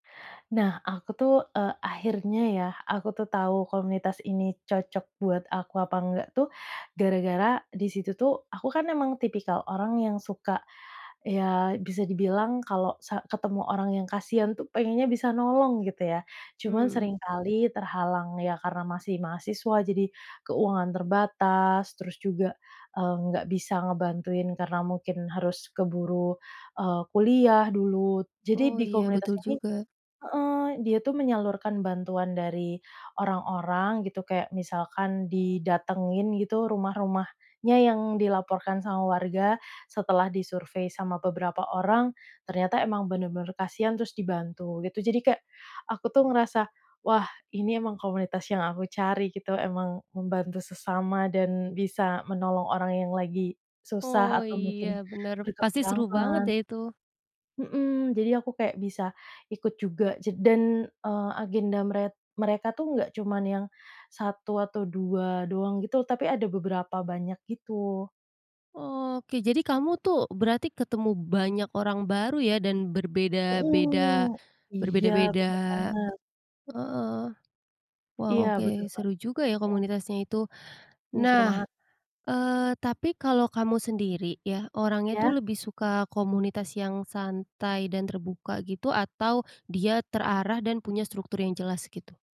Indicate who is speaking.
Speaker 1: Nah aku tuh, e akhirnya ya, aku tuh tahu komunitas ini cocok buat aku apa enggak tuh, gara-gara, di situ tuh, aku kan emang tipikal orang yang suka, ya, bisa dibilang kalau sa ketemu orang yang kasihan tuh pengennya bisa nolong gitu ya. Cuman
Speaker 2: Mmm.
Speaker 1: seringkali terhalang, ya karena masih mahasiswa jadi, keuangan terbatas terus juga, eee, nggak bisa ngebantuin karena mungkin harus keburu, eee, kuliah dulu. Jadi
Speaker 2: Oh
Speaker 1: di
Speaker 2: iya,
Speaker 1: komunitas
Speaker 2: betul
Speaker 1: ini
Speaker 2: juga.
Speaker 1: heeh, dia tuh menyalurkan bantuan dari orang-orang gitu kayak, misalkan didatengin gitu rumah rumahnya yang dilaporkan sama warga, setelah disurvei sama beberapa orang, ternyata emang benar-benar kasihan terus dibantu, gitu. Jadi kayak aku tuh ngerasa, wah ini emang komunitas yang aku cari gitu, emang membantu sesama dan bisa menolong orang yang lagi susah,
Speaker 2: Oh
Speaker 1: atau
Speaker 2: iya,
Speaker 1: mungkin,
Speaker 2: benar. Pasti seru banget
Speaker 1: berkekurangan.
Speaker 2: ya itu.
Speaker 1: Mhm, jadi aku kayak bisa, ikut juga dan, eee, agenda meret mereka tuh nggak cuma yang 1 atau 2 doang gitu, tapi ada beberapa banyak gitu.
Speaker 2: Oke, jadi kamu tuh, berarti ketemu banyak orang baru ya, dan berbeda-beda
Speaker 1: Mhm, iya
Speaker 2: berbeda-beda
Speaker 1: benar banget.
Speaker 2: heeh. Waw
Speaker 1: Iya benar
Speaker 2: oke,
Speaker 1: banget,
Speaker 2: seru juga ya
Speaker 1: mhm.
Speaker 2: komunitasnya itu.
Speaker 1: Iya seru
Speaker 2: Nah,
Speaker 1: banget.
Speaker 2: eee, tapi kalau kamu sendiri ya, orangnya itu
Speaker 1: Iya.
Speaker 2: lebih suka komunitas yang santai dan terbuka gitu, atau dia terarah dan punya struktur yang jelas gitu?